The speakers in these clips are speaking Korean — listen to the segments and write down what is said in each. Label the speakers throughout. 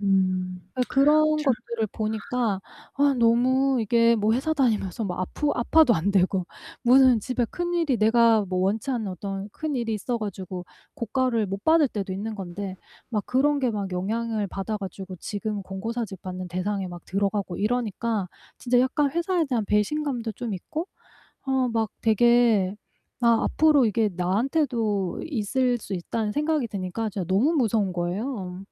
Speaker 1: 음.
Speaker 2: 어 그런 것들을
Speaker 1: [unintelligible]
Speaker 2: 보니까 아 너무 이게 뭐 회사 다니면서 막 아프 아파도 안 되고 무슨 집에 큰일이 내가 뭐 원치 않는 어떤 큰일이 있어가지고 고과를 못 받을 때도 있는 건데 막 그런 게 막 영향을 받아가지고 지금 권고 사직 받는 대상에 막 들어가고 이러니까 진짜 약간 회사에 대한 배신감도 좀 있고 아 막 되게 아 앞으로 이게 나한테도 있을 수 있다는 생각이 드니까 진짜 너무 무서운 거예요.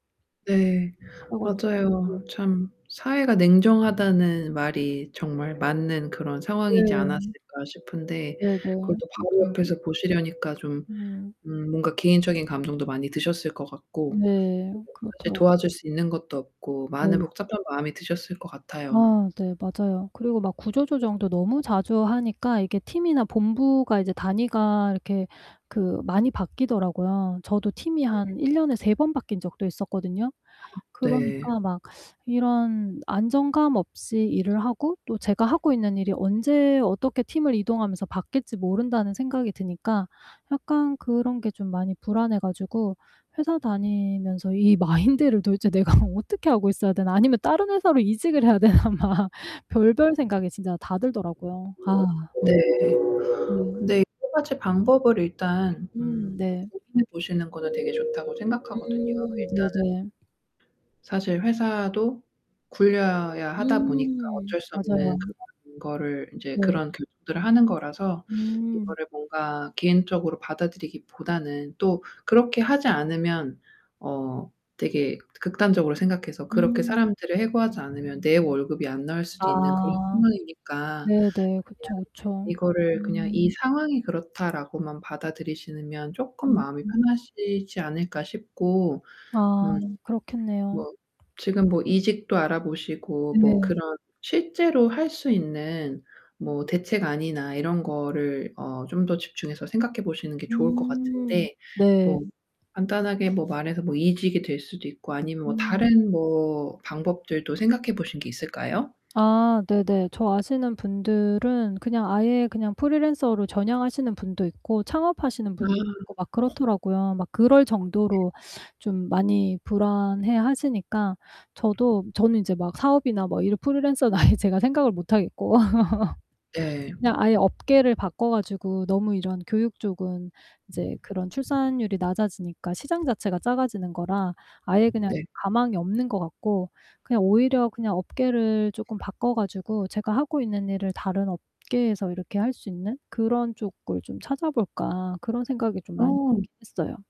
Speaker 1: 네,
Speaker 2: 그래 가지고
Speaker 1: 맞아요. 참 사회가 냉정하다는 말이 정말 맞는 그런 상황이지
Speaker 2: 네.
Speaker 1: 않았을까 싶은데
Speaker 2: 네네.
Speaker 1: 그것도 바로
Speaker 2: 맞아요.
Speaker 1: 옆에서 보시려니까 좀
Speaker 2: 음.
Speaker 1: 음 뭔가 개인적인 감정도 많이 드셨을 것 같고
Speaker 2: 네,
Speaker 1: 그리고 사실
Speaker 2: 그렇더라
Speaker 1: 도와줄 수 있는 것도 없고 많은
Speaker 2: 네.
Speaker 1: 복잡한 마음이 드셨을 것 같아요.
Speaker 2: 아 네 맞아요. 그리고 막 구조조정도 너무 자주 하니까 이게 팀이나 본부가 이제 단위가 이렇게 많이 바뀌더라고요. 저도 팀이 한 1 년에 3 번 바뀐 적도 있었거든요.
Speaker 1: 네.
Speaker 2: 그러니까 막 이런 안정감 없이 일을 하고 또 제가 하고 있는 일이 언제 어떻게 팀을 이동하면서 바뀔지 모른다는 생각이 드니까 약간 그런 게 좀 많이 불안해 가지고 회사 다니면서 이 마인드를 도대체 내가 어떻게 하고 있어야 되나 아니면 다른 회사로 이직을 해야 되나 막 별별 생각이 진짜 다 들더라고요. 아.
Speaker 1: 네,
Speaker 2: 음.
Speaker 1: 근데 여러 가지 방법을 일단
Speaker 2: 음
Speaker 1: 음
Speaker 2: 네.
Speaker 1: 고민해 보시는 거는 되게 좋다고 생각하거든요.
Speaker 2: 음
Speaker 1: 일단은
Speaker 2: 네네.
Speaker 1: 사실 회사도 굴려야 하다 보니까
Speaker 2: 음
Speaker 1: 어쩔 수 없는
Speaker 2: 맞아요.
Speaker 1: 그런 거를 이제
Speaker 2: 네.
Speaker 1: 그런 교 [unintelligible] 들을 하는 거라서
Speaker 2: 음.
Speaker 1: 이거를 뭔가 개인적으로 받아들이기 보다는 또 그렇게 하지 않으면 어 되게 극단적으로 생각해서 그렇게
Speaker 2: 음.
Speaker 1: 사람들을 해고하지 않으면 내 월급이 안 나올 수도 있는 그런
Speaker 2: 아
Speaker 1: 상황이니까 그냥
Speaker 2: 네네. 그쵸, 그쵸.
Speaker 1: 이거를 그냥 이
Speaker 2: 음.
Speaker 1: 상황이 그렇다라고만 받아들이시면 쪼끔
Speaker 2: 음음.
Speaker 1: 마음이 편하시지 않을까 싶고
Speaker 2: 아
Speaker 1: 음.
Speaker 2: 그렇겠네요.
Speaker 1: 뭐 지금 뭐 이직도 알아보시고 뭐 그런
Speaker 2: 네.
Speaker 1: 실제로 할 수 있는 뭐 대책안이나 이런 거를 어 좀 더 집중해서 생각해 보시는 게 좋을 것
Speaker 2: 음.
Speaker 1: 같은데
Speaker 2: 네.
Speaker 1: 뭐 간단하게 뭐 말해서 뭐 이직이 될 수도 있고 아니면 뭐
Speaker 2: 음.
Speaker 1: 다른 뭐 방법들도 생각해 보신 게 있을까요?
Speaker 2: 아, 네네. 저 아시는 분들은 그냥 아예 그냥 프리랜서로 전향하시는 분도 있고 창업하시는
Speaker 1: 음.
Speaker 2: 분들도 있고 막 그렇더라고요. 막 그럴 정도로 좀 많이 불안해 하시니까 저도 저는 이제 막 사업이나 막 이런 프리랜서는 아예 제가 생각을 못 하겠고
Speaker 1: 네.
Speaker 2: 그냥 아예 업계를 바꿔 가지고 너무 이런 교육 쪽은 이제 그런 출산율이 낮아지니까 시장 자체가 작아지는 거라 아예 그냥
Speaker 1: 네.
Speaker 2: 가망이 없는 것 같고 그냥 오히려 그냥 업계를 조금 바꿔 가지고 제가 하고 있는 일을 다른 업계에서 이렇게 할 수 있는 그런 쪽을 좀 찾아볼까 그런 생각이 좀 많이
Speaker 1: 어.
Speaker 2: 들긴 했어요.